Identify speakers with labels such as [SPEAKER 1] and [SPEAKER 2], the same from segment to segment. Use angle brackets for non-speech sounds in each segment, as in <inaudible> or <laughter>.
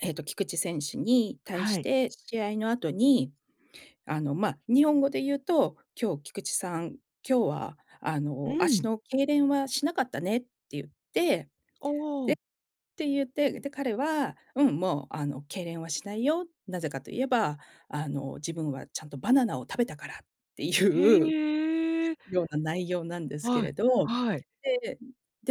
[SPEAKER 1] ええと、菊池選手に対し
[SPEAKER 2] はい。
[SPEAKER 1] て、試合の後に、あのま日本語でゆうと、「今日菊池さん、今日はあ
[SPEAKER 2] う
[SPEAKER 1] の足
[SPEAKER 2] ん。
[SPEAKER 1] の痙攣はしなかったね」ってゆって、でっ
[SPEAKER 2] おお。
[SPEAKER 1] てゆって、で、彼は、「うん、もうあの痙攣はしないよ、なぜかと言えば、あの自分はちゃんとバナナを食べたから」ってい
[SPEAKER 2] へ
[SPEAKER 1] う
[SPEAKER 2] え。
[SPEAKER 1] ような内容なんですけ
[SPEAKER 2] は
[SPEAKER 1] れ
[SPEAKER 2] い、
[SPEAKER 1] ど、
[SPEAKER 2] はい。
[SPEAKER 1] で、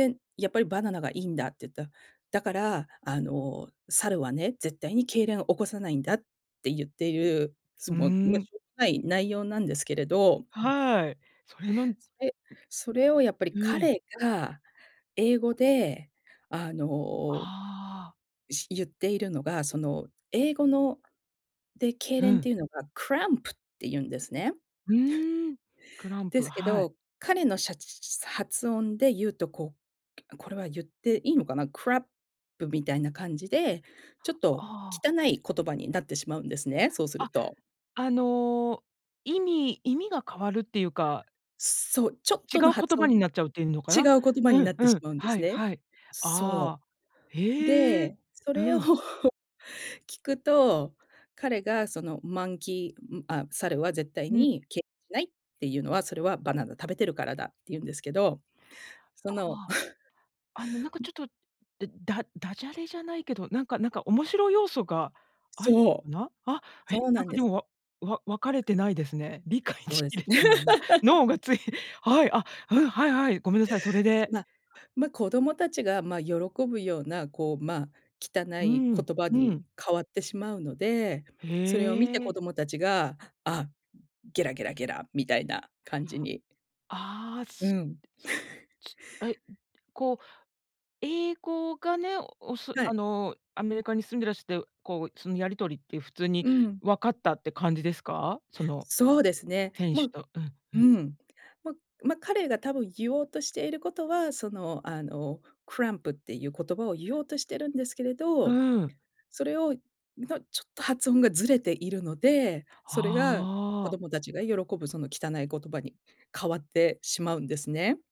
[SPEAKER 1] で、「やっぱりバナナがいいんだ」ってゆうと、「だから、あの猿はね、絶対に痙攣を起こさないんだ」ってゆっている、す
[SPEAKER 2] うー
[SPEAKER 1] もう、ま、し
[SPEAKER 2] ん。
[SPEAKER 1] ょうもない内容なんですけれど。うん。
[SPEAKER 2] はい、それのう
[SPEAKER 1] それそれをやっぱり
[SPEAKER 2] ん。
[SPEAKER 1] 彼が英語で、あの、
[SPEAKER 2] ああ。
[SPEAKER 1] いしゆっているのが、その英語ので、痙
[SPEAKER 2] う
[SPEAKER 1] 攣って
[SPEAKER 2] ん。
[SPEAKER 1] いうのが cramp っていうんですね。
[SPEAKER 2] う
[SPEAKER 1] <laughs>
[SPEAKER 2] ーん、クラン
[SPEAKER 1] で
[SPEAKER 2] プ、
[SPEAKER 1] すけ
[SPEAKER 2] はい。
[SPEAKER 1] ど、彼のしゃち発音でゆうと、こう、これはゆっていいのかな、crap みたいな感じで、ちょっと
[SPEAKER 2] ああ。
[SPEAKER 1] 汚い言葉になってしまうんですね、そうす
[SPEAKER 2] あ、
[SPEAKER 1] ると。
[SPEAKER 2] あの、意味意味が変わるっていうか
[SPEAKER 1] そう、ちょっ
[SPEAKER 2] 違
[SPEAKER 1] との
[SPEAKER 2] う言
[SPEAKER 1] 発
[SPEAKER 2] 葉
[SPEAKER 1] 音
[SPEAKER 2] になっちゃうっていうのか
[SPEAKER 1] 違
[SPEAKER 2] な？
[SPEAKER 1] う言葉に
[SPEAKER 2] うん
[SPEAKER 1] なって
[SPEAKER 2] う
[SPEAKER 1] し
[SPEAKER 2] ん、
[SPEAKER 1] まうんで
[SPEAKER 2] は
[SPEAKER 1] す
[SPEAKER 2] い
[SPEAKER 1] ね。
[SPEAKER 2] はい。
[SPEAKER 1] そ
[SPEAKER 2] ああ、
[SPEAKER 1] う。
[SPEAKER 2] へえ、
[SPEAKER 1] で、そ
[SPEAKER 2] う
[SPEAKER 1] れを
[SPEAKER 2] ん。
[SPEAKER 1] 聞くと、彼がその monkey ん、あ、猿は絶対
[SPEAKER 2] うん。
[SPEAKER 1] に痙しないっていうのは、それはバナナ食べてるからだってゆうんですけど。そ
[SPEAKER 2] あ
[SPEAKER 1] の。
[SPEAKER 2] あ。
[SPEAKER 1] <laughs>
[SPEAKER 2] あのなんかちょっと、だダジャレじゃないけど、なんかなんか、おもしろ要素がある
[SPEAKER 1] そう。
[SPEAKER 2] な？あ、え、
[SPEAKER 1] そう
[SPEAKER 2] な
[SPEAKER 1] な
[SPEAKER 2] ん
[SPEAKER 1] ん
[SPEAKER 2] か
[SPEAKER 1] で
[SPEAKER 2] で
[SPEAKER 1] す。
[SPEAKER 2] も、わわわかれてないですね。理解
[SPEAKER 1] そう
[SPEAKER 2] し
[SPEAKER 1] で
[SPEAKER 2] き
[SPEAKER 1] す。
[SPEAKER 2] れてないな。
[SPEAKER 1] <laughs>
[SPEAKER 2] 脳がついはい、あ、うん。はいはい、ごめんなさい。それで。
[SPEAKER 1] ま、ま、子供たちが、ま、喜ぶようなこう、まあ汚
[SPEAKER 2] う
[SPEAKER 1] い
[SPEAKER 2] ん、
[SPEAKER 1] 言葉
[SPEAKER 2] う
[SPEAKER 1] に
[SPEAKER 2] ん。
[SPEAKER 1] 変わってしまうので、
[SPEAKER 2] へ
[SPEAKER 1] それを見て子
[SPEAKER 2] え。
[SPEAKER 1] 供たちが、あ、ゲラゲラゲラみたいな感じに。
[SPEAKER 2] ああ、
[SPEAKER 1] う
[SPEAKER 2] す
[SPEAKER 1] ん。<laughs>
[SPEAKER 2] はい、こう英語がね、おす
[SPEAKER 1] は
[SPEAKER 2] あ
[SPEAKER 1] い。
[SPEAKER 2] のアメリカに住んでらして、こう、そのやり取りって普通に
[SPEAKER 1] うん。
[SPEAKER 2] わかったって感じですか？その
[SPEAKER 1] そうですね。
[SPEAKER 2] 店
[SPEAKER 1] も
[SPEAKER 2] 主
[SPEAKER 1] う
[SPEAKER 2] とうんう
[SPEAKER 1] う
[SPEAKER 2] ん。
[SPEAKER 1] ん、まま、彼が多分ゆおうとしていることは、そのあの cramp っていう言葉をゆおうとしているんですけれ
[SPEAKER 2] う
[SPEAKER 1] ど、
[SPEAKER 2] ーん。
[SPEAKER 1] それをんのちょっと発音がずれているので、それが子
[SPEAKER 2] ああ。
[SPEAKER 1] どもたちが喜ぶその汚い言葉に変わってしまうんですね。